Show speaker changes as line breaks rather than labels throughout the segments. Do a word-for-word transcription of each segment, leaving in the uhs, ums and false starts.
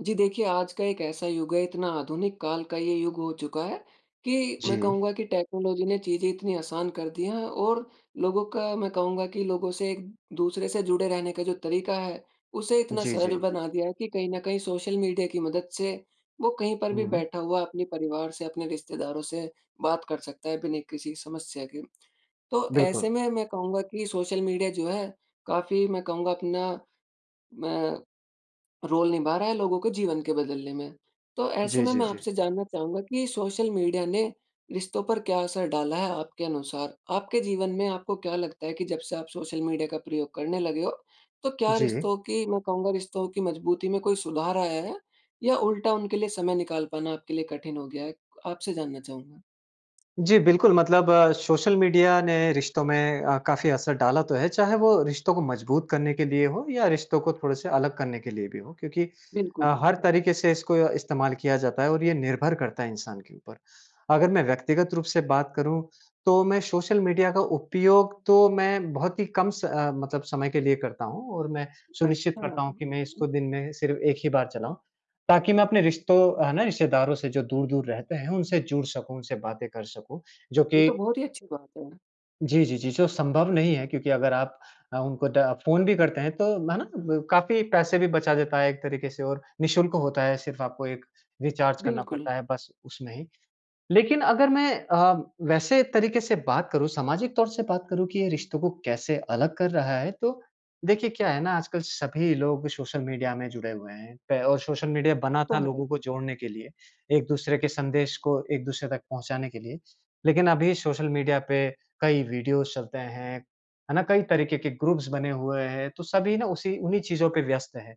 जी देखिए, आज का एक ऐसा युग है, इतना आधुनिक काल का ये युग हो चुका है। कि मैं
जी।
कहूँगा कि टेक्नोलॉज़ी ने चीज़ें इतनी आसान कर दी हैं। और लोगों का मैं कहूँगा कि लोगों से एक-दूसरे से जुड़े रहने का जो तरीका है। उसे इतना
जी,
सरल
जी।
बना दिया है कि कहीं न कहीं सोशल मीडिया की मदद से वो कहीं पर भी
हुँ, हुँ।
बैठा हुआ अपने परिवार से, अपने रिश्तेदारों से बात कर सकता है, बिना किसी समस्या के। तो
बिल्कुल।
ऐसे में मैं कहूँगा कि सोशल मीडिया जो है, काफ़ी मैं कहूँगा अपना, मैं रोल निभा रहा है, लोगों के जीवन के बदलने में। तो ऐसे
जी,
में
जी,
मैं
जी।
आपसे जानना चाहूँगा कि, सोशल मीडिया ने रिश्तों पर क्या असर डाला है? आपके अनुसार, आपके जीवन में आपको क्या लगता है कि जब से आप सोशल मीडिया का प्रयोग करने लगे हो, तो क्या
जी।
रिश्तों की, मैं कहूँगा रिश्तों की मजबूती में कोई सुधार आया है। या उल्टा उनके लिए समय निकाल पाना आपके लिए कठिन हो गया है? आपसे जानना चाहूँगा।
जी, बिल्कुल मतलब सोशल मीडिया ने रिश्तों में अ, काफ़ी असर डाला तो है। चाहे वो रिश्तों को मजबूत करने के लिए हो या रिश्तों को थोड़े-से अलग करने के लिए भी हो। क्योंकि
बिल्कुल।
अ, हर तरीके से इसको इस्तेमाल किया जाता है और ये निर्भर करता है, इंसान के ऊपर। अगर मैं व्यक्तिगत रूप से बात करूँ, तो मैं सोशल मीडिया का उपयोग तो मैं बहुत ही कम स अ, मतलब समय के लिए करता हूँ और मैं सुनिश्चित
अच्छा।
करता हूँ कि मैं इसको दिन में सिर्फ़ एक ही बार चलाऊँ। ताकि मैं अपने रिश्तों, है ना, रिश्तेदारों से जो दूर-दूर रहते हैं उनसे जुड़ सकूँ, उनसे बातें कर सकूँ। जो
ये
कि
तो बहुत ही अच्छी बात है।
जी, जी, जी। जो संभव नहीं है, क्योंकि अगर आप अ, उनको द फ़ोन भी करते हैं तो है ना, काफ़ी पैसे भी बचा देता है एक तरीके से और निःशुल्क होता है सिर्फ आपको एक रिचार्ज करना
बिल्कुल।
पड़ता है बस, उसमें ही। लेकिन अगर मैं अ, वैसे तरीके से बात करूँ सामाजिक तौर से बात करूँ कि ये रिश्तों को कैसे अलग कर रहा है, तो देखिए, क्या है ना आजकल सभी लोग सोशल मीडिया में जुड़े हुए हैं, पे और सोशल मीडिया
वो
बना था,
तो है।
लोगों को जोड़ने के लिए, एक-दूसरे के संदेश को एक दूसरे तक पहुँचाने के लिए, लेकिन अभी सोशल मीडिया पे कई वीडियोज चलते हैं, है ना? कई तरीके के ग्रुप्स बने हुए हैं। तो सभी ना उसी उन्हीं चीज़ों पे व्यस्त है।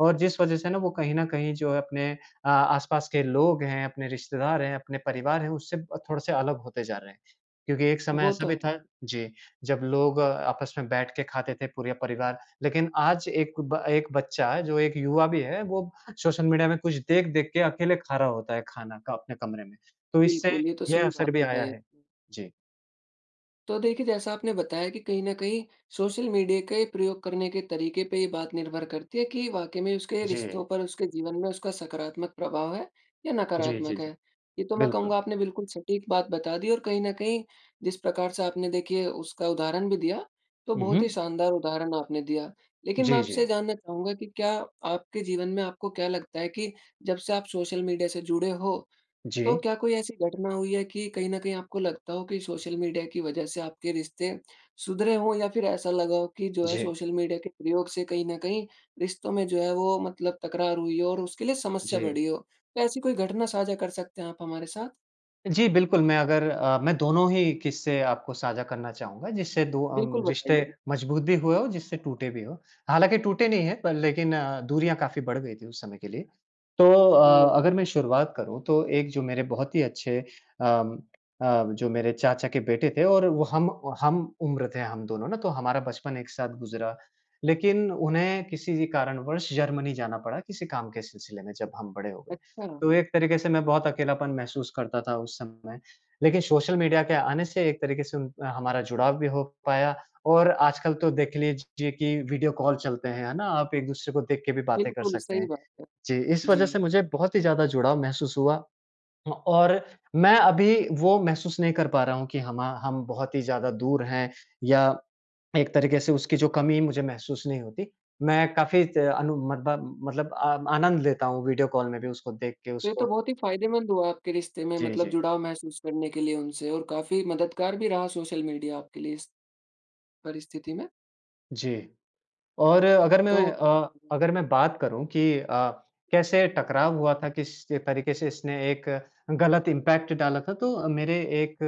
और जिस वजह से ना वो कहीं न कहीं जो है, अपने आ आसपास के लोग हैं, अपने रिश्तेदार हैं, अपने परिवार हैं उससे अ, थोड़े-से अलग होते जा रहे हैं। क्योंकि एक समय
वो
ऐसा
तो
भी
है।
था जी, जब लोग अ, आपस में बैठ के खाते थे पूरे परिवार, लेकिन आज एक ब एक बच्चा जो एक युवा भी है, वो सोशल मीडिया में कुछ देख-देख के अकेले खा रहा होता है, खाना का अपने कमरे में, तो इससे
बिल्कुल, ये तो
यह
सही
असर
बात
भी आया
बताई।
है। जी।
तो देखिए, जैसा आपने बताया कि कहीं न कहीं सोशल मीडिया का एक प्रयोग करने के तरीके पे ये बात निर्भर करती है, कि वाक़ई में उसके
जी।
रिश्तों पर, उसके जीवन में, उसका सकारात्मक प्रभाव है या
जी, जी,
नकारात्मक है।
जी।
ये तो मैं
बिल्कुल।
कहूँगा आपने बिल्कुल सटीक बात बता दी और कहीं न कहीं, जिस प्रकार से आपने देखिए, उसका उदाहरण भी दिया, तो
हुँ,
बहुत ही
हुँ।
शानदार उदाहरण आपने दिया, लेकिन मैं
जी,
आपसे
जी।
ये जानना चाहूँगा कि क्या आपके जीवन में आपको क्या लगता है कि जब से आप सोशल मीडिया से जुड़े हो, तो
जी।
क्या कोई ऐसी घटना हुई है कि कहीं न कहीं आपको लगता हो कि सोशल मीडिया की वजह से आपके रिश्ते, सुधरे हों या फिर ऐसा लगा हो कि जो है
जी।
सोशल मीडिया के प्रयोग से कहीं न कहीं रिश्तों में जो है, वो मतलब तकरार हुई हो और उसके लिए समस्या
जी।
बढ़ी हो? तो ऐसी कोई घटना साझा कर सकते हैं आप हमारे साथ?
जी। बिल्कुल, मैं अगर अ, मैं दोनों ही किस्से आपको साझा करना चाहूँगा। जिससे दो अम
बिल्कुल,
रिश्ते
बताइए।
मजबूत भी हुए हो, जिससे टूटे भी हो। हालाँकि टूटे नहीं है पर लेकिन दूरियाँ काफ़ी बढ़ गई थी उस समय के लिए। तो अ,
ओह!
अगर मैं शुरुआत करूँ तो एक जो मेरे बहुत ही अच्छे अम अ, जो मेरे चाचा के बेटे थे और वो हम हम उम्र थे हम दोनों ना तो हमारा बचपन एक साथ गुजरा। लेकिन उन्हें किसी कारणवश जर्मनी जाना पड़ा किसी काम के सिलसिले में। जब हम बड़े हो गए
अच्छा।
तो एक तरीके से मैं बहुत अकेलापन महसूस करता था उस समय। लेकिन सोशल मीडिया के आने से एक तरीके से उन हमारा जुड़ाव भी हो पाया। और आजकल तो देख लीजिए कि वीडियो कॉल चलते हैं। है ना? आप एक-दूसरे को देख के भी बातें कर
बिल्कुल,
सकते
सही
हैं।
बात है।
जी, इस
जी।
वज़ह से मुझे बहुत ही ज़्यादा जुड़ाव महसूस हुआ। हाँ, और मैं अभी वो महसूस नहीं कर पा रहा हूँ, कि हमा हम बहुत ही ज़्यादा दूर हैं, या एक तरीके से उसकी जो कमी मुझे महसूस नहीं होती। मैं काफ़ी त आनु मतलब मतलब अ, आनंद लेता हूँ वीडियो कॉल में भी उसको देख के
ये तो
उसको।
बहुत ही फ़ायदेमंद हुआ आपके रिश्ते में
जी,
मतलब
जी।
जुड़ाव महसूस करने के लिए उनसे और काफ़ी मददगार भी रहा सोशल मीडिया आपके लिए इस, परिस्थिति में।
जी। और अगर मैं
तोI
अ
[unintelligible]
अगर मैं बात करूँ कि, अ, कैसे टकराव हुआ था। किस तरीके से इसने एक गलत इम्पैक्ट डाला था, तो मेरे एक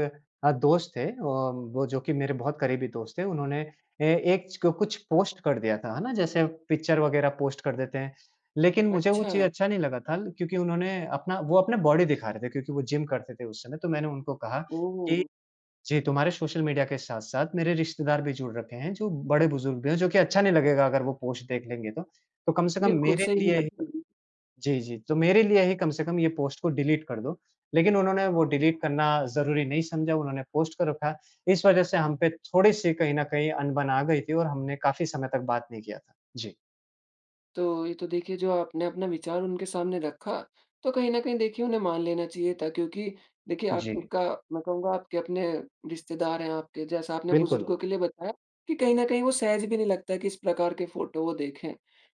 अ, दोस्त थे और वो जो कि मेरे बहुत करीबी दोस्त थे, उन्होंने ए एक छ कुछ पोस्ट कर दिया था। है ना? जैसे पिक्चर वग़ैरह पोस्ट कर देते हैं। लेकिन मुझे वो चीज़
अच्छा।
अच्छा नहीं लगा था क्योंकि उन्होंने अपना वो अपना बॉडी दिखा रहे थे, क्योंकि वो जिम करते थेI उस समय तो मैंने उनको कहा कि,
ओह!
"जे तुम्हारे सोशल मीडिया के साथ-साथ मेरे रिश्तेदार भी जुड़ रखे हैं। जो बड़े बुजुर्ग भी हैं जो कि अच्छा नहीं लगेगा अगर वो पोस्ट देख लेंगे तो। तो कम से कम
बिल्कुल
मेरे
सही नहीं
लिए" ही
लगता ना।
जी, जी। "तो मेरे लिए ही कम से कम ये पोस्ट को डिलीट कर दो।" लेकिन उन्होंने वो डिलीट करना ज़रूरी नहीं समझा उन्होंने पोस्ट कर रखा। इस वज़ह से हम पे थोड़ी-सी कहीं न कहीं अनबन आ गयी थी और हमने काफ़ी समय तक बात नहीं किया था। जीI
तो ये तो देखिए, जो आपने अपना विचार उनके सामने रखा, तो कहीं न कहीं देखिए उन्हें मान लेना चाहिए था क्योंकि देखिए
जी।
आपका मैं कहूँगा आपके अपने रिश्तेदार हैं आपके जैसा आपने
बिल्कुल।
बुजुर्गों के लिए बताया कि कहीं न कहीं वो सहज भी नहीं लगता कि इस प्रकार के फोटो वो देखेंI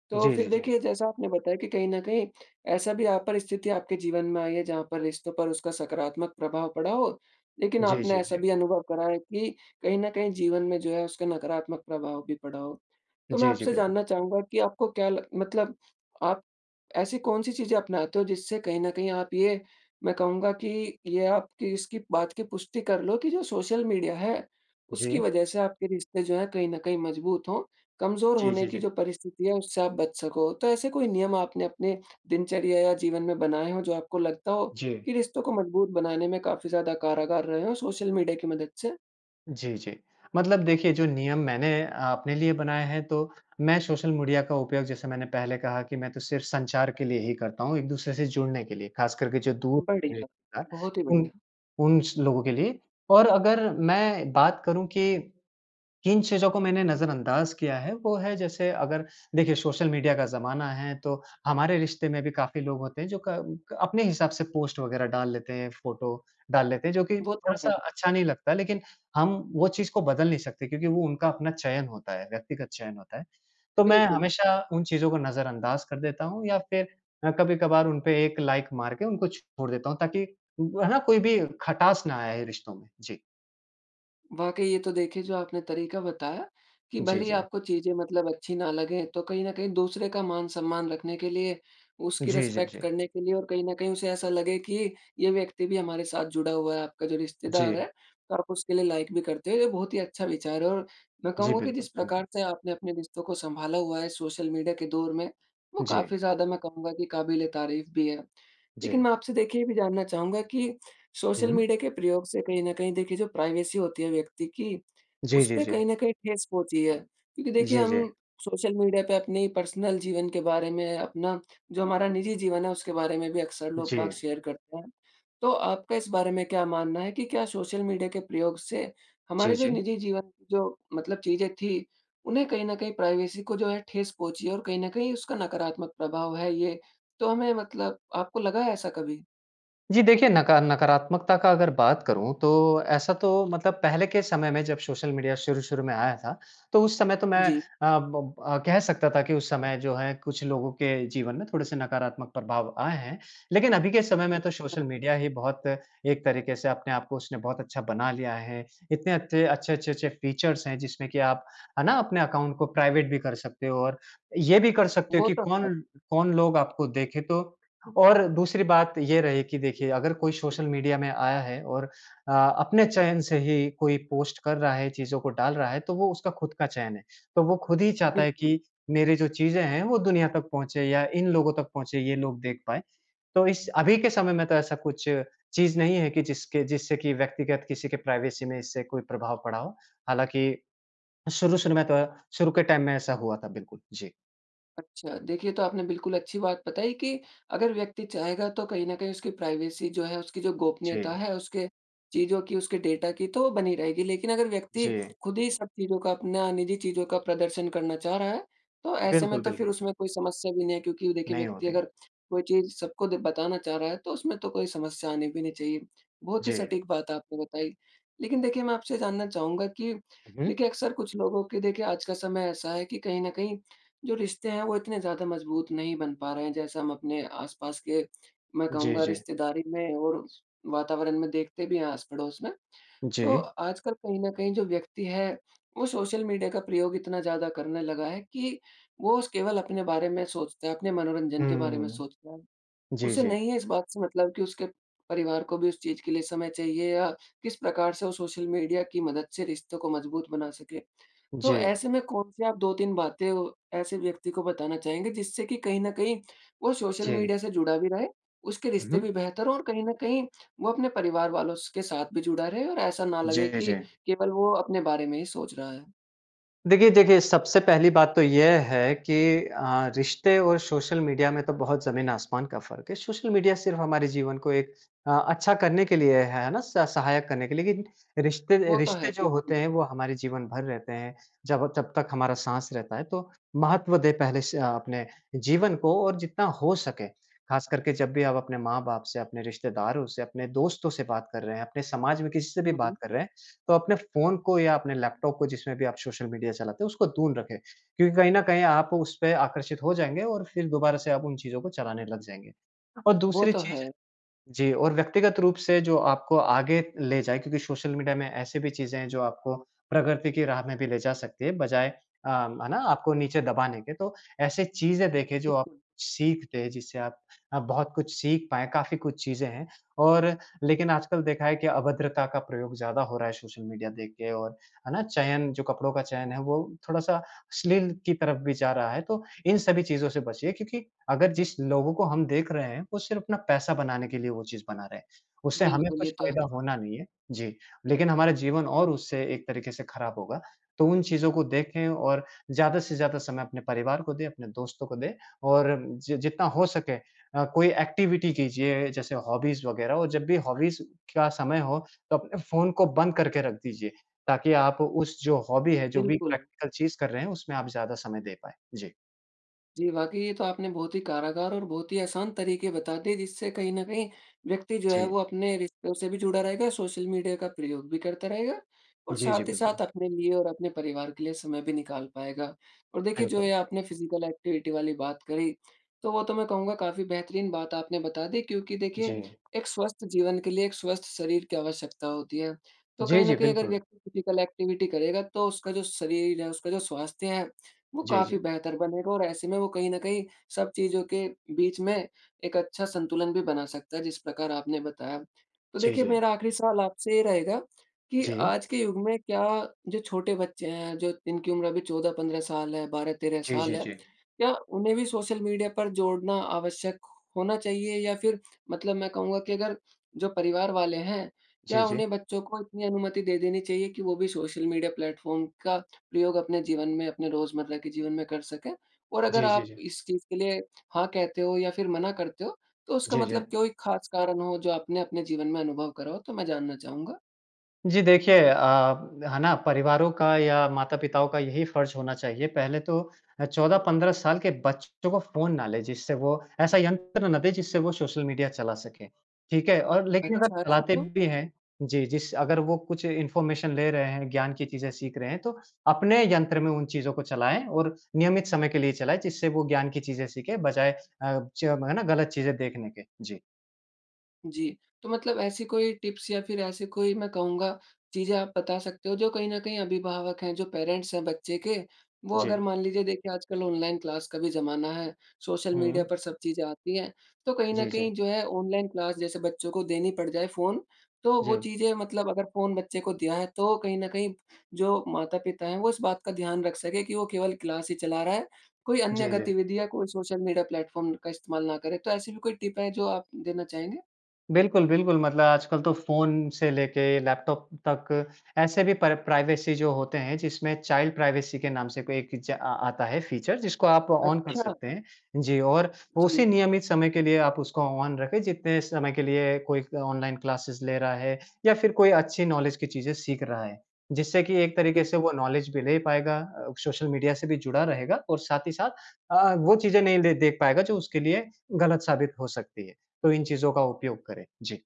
तो
जी,
फिर
जी, जी।
देखिए जैसा आपने बताया कि कहीं न कहीं ऐसा भी अ, परिस्थिति आपके जीवन में आई है जहाँ पर रिश्तों पर उसका सकारात्मक प्रभाव पड़ा होI लेकिन
जी,
आपने
जी,
ऐसा
जी।
भी अनुभव करा है कि कहीं न कहीं जीवन में जो है उसका नकारात्मक प्रभाव भी पड़ा होI तो मैं
जी, जी।
आपसे
बिल्कुल।
जानना चाहूँगा कि आपको क्या लग मतलब आप ऐसी कौन-सी चीज़ें अपनाते हो जिससे कहीं न कहीं आप ये मैं कहूँगा कि ये आपकी इसकी बात की पुष्टि कर लो कि जो सोशल मीडिया हैI उसकी
जी।
वज़ह से आपके रिश्ते जो हैं कहीं न कहीं मजबूत हो कमज़ोर
जी,
होने
जी,
की
जी।
जो परिस्थिति है उससे आप बच सकोI तो ऐसे कोई नियम आपने अपने दिनचर्या या जीवन में बनाएँ हो जो आपको लगता हो
जी।
कि रिश्तों को मजबूत बनाने में काफ़ी ज़्यादा कारागार रहे हों सोशल मीडिया की मदद से?
जी, जी। मतलब देखिए, जो नियम मैंने अपने लिए बनाए हैं, तो, मैं सोशल मीडिया का उपयोग जैसे मैंने पहले कहा कि मैं तो सिर्फ़ संचार के लिए ही करता हूँ, एक-दूसरे से जुड़ने के लिए, खास करके जो दूर ए,
बढ़िया।
था,
बहुत ही
उन
बढ़िया।
उन स लोगों के लिए। और अगर मैं बात करूँ कि, किन चीज़ों को मैंने नज़रअंदाज़ किया है, वो है जैसे अगर देखिए, सोशल मीडिया का जमाना है, तो हमारे रिश्ते में भी काफ़ी लोग होते हैं, जो क क अपने हिसाब से पोस्ट वगैरह डाल लेते हैं, फ़ोटो डाल लेते हैं। जो कि
वो तो है।
थोड़ा-सा अच्छा नहीं लगता, लेकिन हम वो चीज़ को बदल नहीं सकते क्योंकि वो उनका अपना चयन होता है, व्यक्तिगत चयन होता है। तो मैं
बिल्कुल।
हमेशा उन चीज़ों को नज़रअंदाज़ कर देता हूँ या फिर मैं कभी-कभार उनपे एक लाइक मार के उनको छोड़ देता हूँ, ताकि वो है ना, कोई भी खटास ना आए रिश्तों में। जी।
वाक़ई ये तो देखिए, जो आपने तरीका बताया, कि
जी,
भले ही
जी।
आपको चीज़ें मतलब अच्छी ना लगे तो कहीं न कहीं दूसरे का मान-सम्मान रखने के लिए, उसकी
जी, जी,
रिस्पेक्ट
जी।
करने के लिए और कहीं न कहीं उसे ऐसा लगे कि, ये व्यक्ति भी हमारे साथ जुड़ा हुआ है, आपका जो रिश्तेदार है।
जी।
तो आप उसके लिए लाइक भी करते हो, ये बहुत ही अच्छा विचार है और मैं
जी,
कहूँगा कि
बिल्कुल।
जिस
धन्यवाद।
प्रकार से आपने अपने रिश्तों को सँभाला हुआ है, सोशल मीडिया के दौर में, वो
जी।
काफ़ी ज़्यादा मैं कहूँगा कि काबिल-ए-तारीफ़ भी है, लेकिन
जी।
मैं आपसे देखिए, ये भी जानना चाहूँगा कि सोशल
हुँ।
मीडिया के प्रयोग से कहीं न कहीं देखिए जो प्राइवेसी होती है, व्यक्ति की
जी,
उस
जी,
पे
जी।
कहीं न कहीं ठेस पहुँची है, क्योंकि देखिए,
जी,
हम
जी।
सोशल मीडिया पे अपनी पर्सनल जीवन के बारे में, अपना जो हमारा निजी जीवन है उसके बारे में भी अक्सर लोग-बाग
जी।
शेयर करते हैं। तो आपका इस बारे में क्या मानना है, कि क्या सोशल मीडिया के प्रयोग से
जी,
हमारे जो
जी।
निजी जीवन, जो, मतलब चीज़ें थी उन्हें कहीं न कहीं प्राइवेसी को जो है, ठेस पहुँची है और कहीं न कहीं उसका नकारात्मक प्रभाव है ये, तो हमें मतलब आपको लगा है ऐसा कभी?
जी, देखिए नका नकारात्मकता का अगर बात करूँ तो ऐसा तो मतलब पहले के समय में जब सोशल मीडिया शुरू-शुरू में आया था, तो उस समय तो मैं अ,
जी।
ब अ, कह सकता था कि उस समय जो है, कुछ लोगों के जीवन में थोड़े-से नकारात्मक प्रभाव आए हैं। लेकिन अभी के समय में तो सोशल
अच्छा।
मीडिया ही बहुत एक तरीके से अपने आप को उसने बहुत अच्छा बना लिया है, इतने अते अच्छे, अच्छे, अच्छे फीचर्स हैं, जिसमें कि आप है ना, अपने अकाउंट को प्राइवेट भी कर सकते हो और ये भी कर सकते हो,
वो
कि
तो है।
कौन-कौन लोग आपको देखें तो और दूसरी बात ये रही कि देखिए, अगर कोई सोशल मीडिया में आया है और अ, अपने चयन से ही कोई पोस्ट कर रहा है, चीज़ों को डाल रहा है, तो वो उसका खुद का चयन है। तो वो खुद ही चाहता है
बिल्कुल।
कि मेरी जो चीज़े हैं, वो दुनिया तक पहुँचे या इन लोगों तक पहुँचे, ये लोग देख पाएँ। तो इस अभी के समय में तो ऐसा कुछ चीज़ नहीं है कि जिसके जिससे कि व्यक्तिगत किसी के प्राइवेसी में इससे कोई प्रभाव पड़ा हो, हालाँकि शुरू-शुरू में तो, शुरू के टाइम में ऐसा हुआ था, बिल्कुल। जी।
अच्छा। देखिए, ये तो आपने बिल्कुल अच्छी बात बताई कि, अगर व्यक्ति चाहेगा तो कहीं न कहीं उसकी प्राइवेसी जो है, उसकी जो गोपनीयता
जी।
है, उसके चीज़ों की, उसके डेटा की तो वो बनी रहेगी। लेकिन अगर व्यक्ति
जी।
खुद ही सब चीज़ों का अपना निज़ी चीज़ों का प्रदर्शन करना चाह रहा है, तो ऐसे में
बिल्कुल,
तो फिर
बिल्कुल।
उसमें कोई समस्या भी नहीं है, क्योंकि देखिए
नहीं हो
व्यक्ति
रही।
अगर कोई चीज़ सबको द बताना चाह रहा है, तो उसमें तो कोई समस्या आनी भी नहीं चाहिए, बहुत ही
जी।
सटीक बात आपने बताई। लेकिन देखिए, मैं आपसे ये जानना चाहूँगा कि,
हुँ, हुँ।
देखिए, अक्सर कुछ लोगों की देखिए, आज का समय ऐसा है कि कहीं न कहीं जो रिश्ते हैं, वो इतने ज़्यादा मजबूत नहीं बन पा रहे हैं। जैसे हम अपने आस-पास के मैं
जी,
कहूँगा
जी।
रिश्तेदारी में और वातावरण में देखते भी हैं, आस-पड़ोस में। तो
जी।
आजकल कहीं न कहीं जो व्यक्ति है, वो सोशल मीडिया का प्रयोग इतना ज़्यादा करने लगा है कि वो उस केवल अपने बारे में सोचते हैं, अपने मनोरंजन के बारे में
हुँ।
सोचते हैं,
जी,
उसे
जी।
नहीं है इस बात से मतलब कि उसके परिवार को भी उस चीज़ के लिए समय चाहिए या किस प्रकार से वो सोशल मीडिया की मदद से रिश्तों को मजबूत बना सके। तो,
जी।
ऐसे में कौन-से आप दो तीन बातें, वो ऐसे व्यक्ति को बताना चाहेंगे जिससे कि कहीं न कहीं वो सोशल
जी।
मीडिया से जुड़ा भी रहे, उसके
हुँ,
रिश्ते भी
हुँ।
बेहतर हों और कहीं न कहीं वो अपने परिवार वालों स के साथ भी जुड़ा रहे और ऐसा ना लगे
जी,
कि
जी।
केवल वो अपने बारे में ही सोच रहा है।
देखिए, देखिए सबसे पहली बात तो यह है कि अ, रिश्ते और सोशल मीडिया में तो बहुत ज़मीन-आसमान का फ़र्क़ है। सोशल मीडिया सिर्फ़ हमारे जीवन को एक अ, अच्छा करने के लिए है है ना? स सहायक करने के लिए। लेकिन रिश्ते,
वो तो है।
रिश्ते जो
बिल्कुल।
होते हैं वो हमारे जीवन भर रहते हैं जब जब तक हमारा साँस रहता है। तो महत्व दे पहले स अपने जीवन को और जितना हो सके ख़ासकर के जब भी आप अपने माँ-बाप से, अपने रिश्तेदारों से, अपने दोस्तों से बात कर रहे हैं, अपने समाज में किसी से भी बात
हुँ।
कर रहे हैं तो अपने फ़ोन को या अपने लैपटॉप को जिसमें भी आप सोशल मीडिया चलाते हैं उसको दूर रखें। क्योंकि कहीं न कहीं आप उसपे आकर्षित हो जाएँगे और फिर दोबारा से आप उन चीज़ों को चलाने लग जाएँगे। और
वो
दूसरी
तो
चीज़
है।
जी, और व्यक्तिगत रूप से जो आपको आगे ले जाए क्योंकि सोशल मीडिया में ऐसी भी चीज़ें हैं जो आपको प्रगति की राह में भी ले जा सकती है बजाए अ, है ना आपको नीचे दबाने के। तो ऐसे चीज़ें देखें जो आप
बिल्कुल।
सीखते हैं जिससे आप आप बहुत कुछ सीख पाएँ काफ़ी कुछ चीजें हैं। और लेकिन आजकल देखा है कि अभद्रता का प्रयोग ज़्यादा हो रहा है सोशल मीडिया देख के और है ना चयन जो कपड़ों का चयन है वो थोड़ा-सा अश्लील की तरफ़ भी जा रहा है। तो इन सभी चीज़ों से बचिए क्योंकि अगर जिस लोगों को हम देख रहे हैं वो सिर्फ़ अपना पैसा बनाने के लिए वो चीज़ बना रहे हैं। उससे हमें
बिल्कुल,
कुछ
ये तो है।
फ़ायदा होना नहीं है, जी। लेकिन हमारा जीवन और उससे एक तरीक़े से ख़राब होगा। तो उन चीज़ों को देखें और ज़्यादा से ज़्यादा समय अपने परिवार को दें, अपने दोस्तों को दें और जित जितना हो सके अ, कोई एक्टिविटी कीजिए जैसे हॉबीज़ वग़ैरह। और जब भी हॉबीज़ का समय हो तो अपने फ़ोन को बंद करके रख दीजिए ताकि आप उस जो हॉबी है, जो भी
बिल्कुल।
प्रैक्टिकल चीज़ कर रहे हैं उसमें आप ज़्यादा समय दे पाएँ। जी।
जी, वाक़ई ये तो आपने बहुत ही कारागार और बहुत ही आसान तरीके बता दिए जिससे कहीं न कहीं व्यक्ति जो है
जी।
वो अपने रिश्तों से भी जुड़ा रहेगा, सोशल मीडिया का प्रयोग भी करता रहेगा और
जी, जी,
साथ ही
बिल्कुल।
साथ अपने लिए और अपने परिवार के लिए समय भी निकाल पाएगा। और देखिए, जो
बिल्कुल।
ये आपने फिजिकल एक्टिविटी वाली बात करी, तो वो तो मैं कहूँगा काफ़ी बेहतरीन बात आपने बता दी क्योंकि देखिए,
जी।
एक स्वस्थ जीवन के लिए एक स्वस्थ शरीर की आवश्यकता होती है। तो
जी,
कहीं न
जी,
कहीं अगर
बिल्कुल।
व्यक्ति फिजिकल एक्टिविटी करेगा तो उसका जो शरीर है, उसका जो स्वास्थ्य है वो
जी,
काफ़ी
जी।
बेहतर बनेगा और ऐसे में वो कहीं न कहीं सब चीज़ों के बीच में एक अच्छा संतुलन भी बना सकता है, जिस प्रकार आपने बताया। तो
जी,
देखिए
जी।
मेरा आखिरी सवाल आपसे ये रहेगा कि
जी।
आज के युग में क्या जो छोटे बच्चे हैं जो इनकी उम्र अभी चौदह पंद्रह साल है बारह तेरह
जी,
साल
जी,
है।
जी।
क्या उन्हें भी सोशल मीडिया पर जोड़ना आवश्यक होना चाहिए या फिर मतलब मैं कहूँगा कि अगर जो परिवार वाले हैं
जी,
क्या
जी।
उन्हें बच्चों को इतनी अनुमति दे देनी चाहिए कि वो भी सोशल मीडिया प्लेटफ़ॉर्म का प्रयोग अपने जीवन में अपने रोज़मर्रा के जीवन में कर सकें। और अगर
जी, जी,
आप
जी।
इस चीज़ के लिए हाँ, कहते हो या फिर मना करते हो तो उसका
जी, जी।
मतलब कोई ख़ास कारण हो जो आपने अपने जीवन में अनुभव करा हो तो मैं जानना चाहूँगा?
जी, देखिए अ, है ना परिवारों का या माता-पिताओं का यही फर्ज़ होना चाहिए, पहले तो अ, चौदह पंद्रह साल के बच्चों को फ़ोन ना लें, जिससे वो ऐसा यंत्र ना दें जिससे वो सोशल मीडिया चला सके, ठीक है? और लेकिन अगर
अच्छा ऐसा
चलाते
क्यों?
भी हैं जी, जिस अगर वो कुछ इन्फॉर्मेशन ले रहे हैं, ज्ञान की चीज़ें सीख रहे हैं तो अपने यंत्र में उन चीज़ों को चलाएँ और नियमित समय के लिए चलाएँ जिससे वो ज्ञान की चीज़ें सीखें। बजाय अ, चो है ना गलत चीज़ें देखने के। जी।
जी, तो मतलब ऐसी कोई टिप्स या फिर ऐसी कोई मैं कहूँगा चीज़ें आप बता सकते हो, जो कहीं न कहीं अभिभावक हैं, जो पेरेंट्स हैं बच्चे के, वो अगर
जी।
मान लीजिए देखिए आजकल ऑनलाइन क्लास का भी ज़माना है, सोशल मीडिया
हुँ।
पर सब चीज़ें आती हैं। तो कहीं न
जी, जी।
कहीं जो है ऑनलाइन क्लास जैसे बच्चों को देनी पड़ जाए फ़ोन, तो वो
जी।
चीज़ें मतलब अगर फ़ोन बच्चे को दिया है, तो कहीं न कहीं जो माता-पिता हैं वो इस बात का ध्यान रख सकें कि वो केवल क्लास ही चला रहा है, कोई अन्य
जी, जी।
गतिविधि या कोई सोशल मीडिया प्लेटफॉर्म ड का इस्तेमाल ना करें। तो ऐसी भी कोई टिप है जो आप देना चाहेंगे?
बिल्कुल, बिल्कुल। मतलब आजकल तो फ़ोन से लेके लैपटॉप तक ऐसे भी पर प्राइवेसी जो होते हैं जिसमें चाइल्ड प्राइवेसी के नाम से भी एक इजा आ आता है फीचर, जिसको आप ऑन कर
अच्छा।
सकते हैं। जी, और उसी
जी।
नियमित समय के लिए आप उसको ऑन रखें जितने समय के लिए कोई ऑनलाइन क्लासेज़ ले रहा है या फिर कोई अच्छी नॉलेज की चीज़ें सीख रहा है। जिससे कि एक तरीके से
बिल्कुल।
वो नॉलेज भी ले पाएगा अ, सोशल मीडिया से भी जुड़ा रहेगा और साथ ही साथ अ, वो चीज़ें नहीं ले देख पाएगा जो उसके लिए गलत साबित हो सकती है। तो इन चीज़ों का उपयोग करें। जी।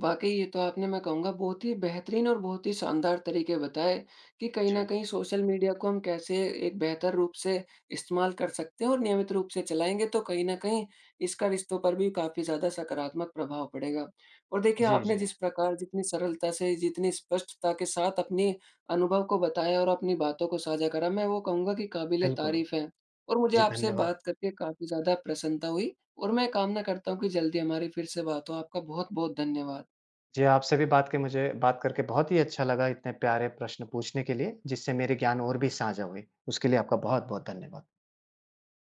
वाक़ई, ये तो आपने मैं कहूँगा बहुत ही बेहतरीन और बहुत ही शानदार तरीके बताए, कि कहीं न
जी।
कहीं सोशल मीडिया को हम कैसे एक बेहतर रूप से इस्तेमाल कर सकते हैं और नियमित रूप से चलाएँगे तो कहीं न कहीं इसका रिश्तों पर भी काफ़ी ज़्यादा सकारात्मक प्रभाव पड़ेगा। और देखिए,
जी,
आपने
जी।
जिस प्रकार जितनी सरलता से, जितनी स्पष्टता के साथ अपनी अनुभव को बताया और अपनी बातों को साझा करा, मैं वो कहूँगा कि
बिल्कुल।
क़ाबिल-ए-तारीफ़ है। और मुझे
जी,
आपसे
धन्यवाद।
बात करके काफ़ी ज़्यादा प्रसन्नता हुई और मैं कामना करता हूँ कि जल्दी हमारी फिर से बात हो, आपका बहुत-बहुत धन्यवाद।
जी, आपसे भी बात के मुझे बात करके बहुत ही अच्छा लगा, इतने प्यारे प्रश्न पूछने के लिए जिससे मेरी ज्ञान और भी साझा हुई। उसके लिए आपका बहुत-बहुत धन्यवाद।